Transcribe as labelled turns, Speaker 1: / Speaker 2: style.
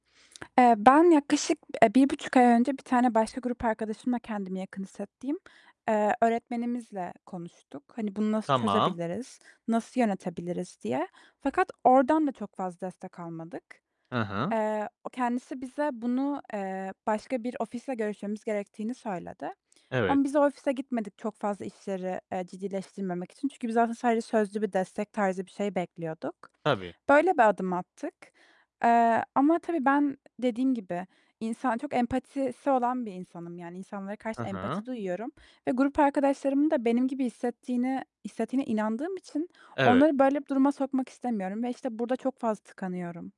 Speaker 1: Eee, ben yaklaşık, eee, 1.5 ay önce, bir tane başka grup arkadaşımla, kendimi yakın hissettiğim, eee, öğretmenimizle konuştuk. Hani bunu nasıl
Speaker 2: Tamam.
Speaker 1: çözebiliriz, nasıl yönetebiliriz? diye. Fakat oradan da çok fazla destek almadık.
Speaker 2: He hı.
Speaker 1: Eee, o kendisi bize bunu, eee, başka bir ofisle görüşmemiz gerektiğini söyledi.
Speaker 2: Evet.
Speaker 1: Ama biz o ofise gitmedik çok fazla işleri, eee, ciddileştirmemek için. Çünkü biz aslında sadece sözlü bir destek tarzı bir şey bekliyorduk.
Speaker 2: Tabii.
Speaker 1: Böyle bir adım attık. Eee, ama tabii ben dediğim gibi, insan çok empatisi olan bir insanım. Yani insanlara karşı
Speaker 2: He hı.
Speaker 1: empati duyuyorum ve grup arkadaşlarımın da benim gibi hissettiğini hissetiğine inandığım için
Speaker 2: Evet.
Speaker 1: onları böyle bir duruma sokmak istemiyorum ve işte burada çok fazla tıkanıyorum.